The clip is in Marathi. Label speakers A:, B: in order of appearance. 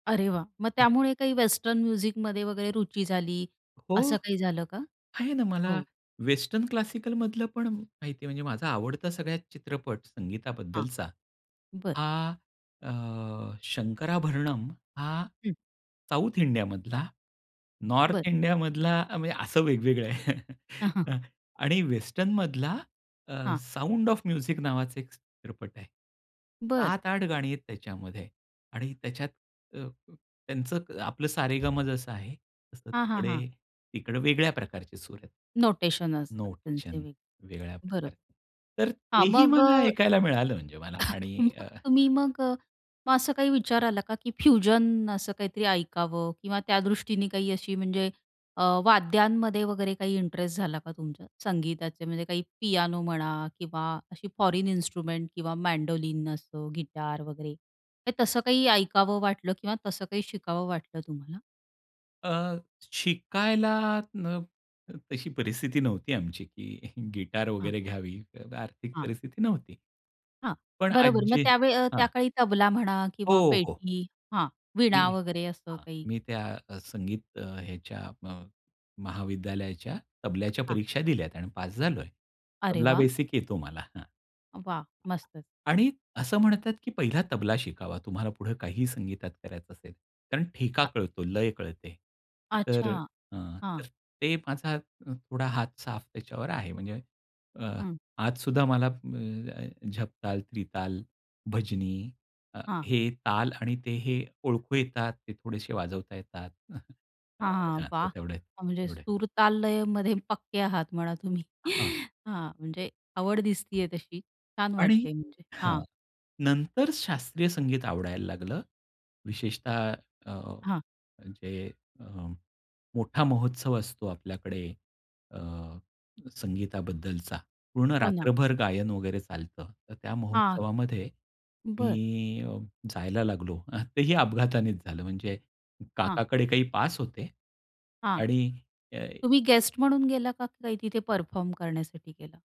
A: अरे वाह! मग त्यामुळे काही वेस्टर्न म्युझिकमध्ये वगैरे रुची झाली
B: हो.
A: असं काही झालं का?
B: आहे ना, मला
A: हो.
B: वेस्टर्न क्लासिकलमधलं पण माहिती आहे. म्हणजे माझा आवडता सगळ्यात चित्रपट
A: हां.
B: संगीताबद्दलचा
A: बरं.
B: हा अ, शंकराभरणम हा
A: हं.
B: साउथ इंडियामधला,
A: बरं.
B: नॉर्थ इंडियामधला म्हणजे असं वेगवेगळं आहे. अ, आणि वेस्टर्नमधला अ,
A: हां.
B: "साउंड ऑफ म्युझिक" नावाचा एक चित्रपट आहे.
A: बरं.
B: 7, 8 गाणी आहेत त्याच्यामध्ये आणि त्याच्यात अ, अ, त्यांचं आपलं सारेगम जसं आहे, तसं
A: हां, हां,
B: तिकडे
A: हां.
B: तिकडे वेगळ्या प्रकारचे सूर आहेत.
A: नोटेशन असतात त्यांचे
B: नोटेशन वेगळ्या
A: [unintelligible] बरोबर.
B: प्रकारचे. तर
A: हां,
B: तेही
A: मग अ
B: मला ऐकायला मिळालं म्हणजे मला आणि
A: मग
B: अ, अ,
A: तुम्ही
B: अ
A: मग अ, मग असं काही विचार आला का, की फ्युजन असं काहीतरी ऐकावं किंवा त्यादृष्टीने काही अशी म्हणजे अ, वाद्यांमध्ये वगैरे काही इंटरेस्ट झाला का तुमच्या संगीताचे म्हणजे काही पियानो म्हणा किंवा अशी फॉरन इन्स्ट्रुमेंट किंवा मँडोलिन असं गिटार वगैरे काही तसं. काही ऐकावं वाटलं किंवा तसं काही शिकावं वाटलं तुम्हाला?
B: अ, शिकायला अ, न तशी परिस्थिती नव्हती आमची, की गिटार
A: हां.
B: वगैरे घ्यावी आर्थिक
A: हां.
B: परिस्थिती नव्हती.
A: हां.
B: पण आज
A: बरोबर मग
B: जे
A: त्यावेळी अ,
B: हां.
A: त्या काळी तबला म्हणा किंवा
B: हो, हो.
A: पेटी हां,
B: मी
A: वीणा वगैरे असं
B: हां,
A: काही.
B: मी त्या अ, संगीत अ, ह्याच्या म महाविद्यालयाच्या तबल्याच्या
A: हां.
B: परीक्षा दिल्यात आणि पास झालो आहे.
A: अरे
B: तबला
A: वाह!
B: बेसिक येतो मला. हां.
A: वाह! मस्तचं.
B: आणि असं म्हणतात, की पहिला तबला शिकावा. तुम्हाला पुढे काही संगीतात करायचं असेल. कारण ठेका कळतो, लय कळते. तर
A: अच्छा.
B: अ, अ,
A: हां.
B: तर ते माझा थोडा हात साफ त्याच्यावर आहे. म्हणजे अ,
A: हं.
B: आज सुद्धा मला अ, अ, झपताल, त्रिताल, भजनी अ,
A: हां.
B: हे ताल आणि ते हे ओळखू येतात. ते थोडेसे वाजवता येतात.
A: हां, हां.
B: हां,
A: वाह!
B: तेवढे,
A: अ, म्हणजे
B: तेवढे.
A: सुर, ताल, लयमध्ये पक्के आहात म्हणा तुम्ही.
B: हां.
A: हां, म्हणजे आवड दिसते आहे तशी. छान
B: आणि
A: वाटते म्हणजे.
B: हां,
A: हां.
B: नंतर शास्त्रीय संगीत आवडायला लागलं. विशेषतः अ,
A: हां.
B: म्हणजे अ, मोठा महोत्सव असतो आपल्याकडे अ, संगीताबद्दलचा पूर्ण
A: हो ना.
B: रात्रभर गायन वगैरे चालतं. तर त्या
A: हां.
B: महोत्सवामध्ये मी
A: बरं.
B: अ, जायला लागलो. तेही अपघातानेच झालं म्हणजे
A: हां.
B: काकाकडे काही पास होते
A: हां.
B: आणि अ,
A: तुम्ही
B: हे
A: गेस्ट म्हणून गेला का काय तिथे परफॉर्म करण्यासाठी गेला?